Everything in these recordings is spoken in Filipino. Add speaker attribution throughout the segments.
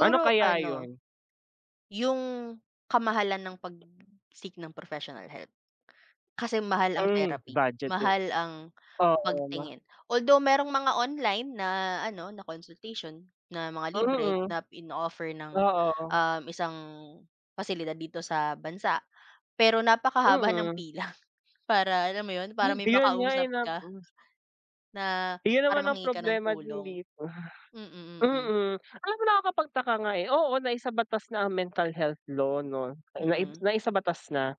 Speaker 1: Ano kaya
Speaker 2: ano
Speaker 1: 'yon?
Speaker 2: yung kamahalan ng pag-seek ng professional health, kasi mahal ang
Speaker 1: Hmm,
Speaker 2: therapy,
Speaker 1: budget, eh.
Speaker 2: mahal ang
Speaker 1: Oo 'no?
Speaker 2: pagtingin. Although merong mga online na ano, na consultation, na mga libre,
Speaker 1: Mm.
Speaker 2: na ino-offer ng,
Speaker 1: Oo.
Speaker 2: um, isang pasilidad dito sa bansa, pero napakahaba ng
Speaker 1: Mm.
Speaker 2: pila, para alam mo, 'yon, para may
Speaker 1: Yun nga, eh,
Speaker 2: makausap
Speaker 1: nap
Speaker 2: ka
Speaker 1: hmm.
Speaker 2: na
Speaker 1: Yun
Speaker 2: para
Speaker 1: naman ang
Speaker 2: manghingi ka ng
Speaker 1: problema din
Speaker 2: tulong.
Speaker 1: di ba?
Speaker 2: Mm, mm.
Speaker 1: Mm, alam mo, nakakapagtaka nga, eh, oo, naisabatas na ang mental health law, 'no? Naibs
Speaker 2: Mm.
Speaker 1: naisabatas na.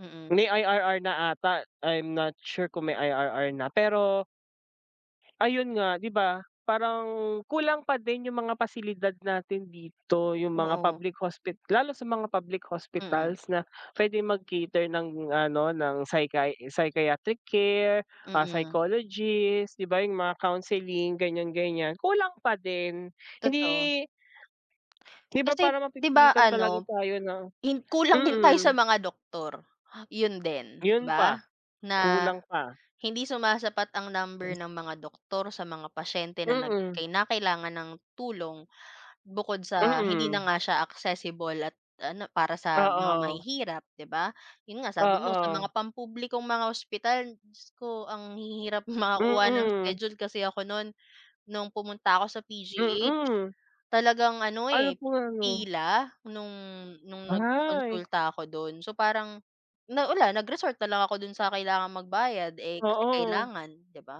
Speaker 2: Mm.
Speaker 1: May IRR na ata, I'm not sure kung may IRR na, pero ayun nga, 'di ba, parang kulang pa din 'yung mga pasilidad natin dito, 'yung mga
Speaker 2: Oo.
Speaker 1: public hospit lalo sa mga public
Speaker 2: Mm.
Speaker 1: hospitals na pwedeng mag-cater ng, ano, ng psychi psychiatric care, ah,
Speaker 2: Mm.
Speaker 1: psychologist, di ba, 'yung mga counseling, ganyan-ganyan, kulang pa din.
Speaker 2: Totoo.
Speaker 1: Hindi di ba
Speaker 2: Kasi,
Speaker 1: parang
Speaker 2: 'di ba,
Speaker 1: mapipilitan talaga
Speaker 2: ano,
Speaker 1: tayo na
Speaker 2: hin kulang din tayo sa
Speaker 1: mm.
Speaker 2: mga doktor, 'yon din, 'di
Speaker 1: Yun
Speaker 2: ba?
Speaker 1: pa,
Speaker 2: Na
Speaker 1: kulang pa.
Speaker 2: hindi sumasapat ang
Speaker 1: Tapos
Speaker 2: number ng mga doktor sa mga pasyente na nag
Speaker 1: Mm.
Speaker 2: kinakailangan ng tulong, bukod sa hindi na
Speaker 1: Mm.
Speaker 2: nga siya accessible at ano, para sa mga
Speaker 1: Oo.
Speaker 2: mahihirap, 'di ba? Yun nga, sabi mo, sa
Speaker 1: Oo.
Speaker 2: mga pampublikong mga ospital, Diyos ko, ang hihirap makakuha ng
Speaker 1: Mm.
Speaker 2: schedule kasi ako no'n, nung pumunta ako sa PGH,
Speaker 1: Mm.
Speaker 2: talagang, ano,
Speaker 1: Ano
Speaker 2: eh,
Speaker 1: po yan, 'no
Speaker 2: pila, nung nung
Speaker 1: Ay.
Speaker 2: nagpakonsulta ako do'n. So parang na wala, nag-resort na lang ako dun sa kailangang magbayad, eh, kasi
Speaker 1: Oo.
Speaker 2: kailangan, 'di ba?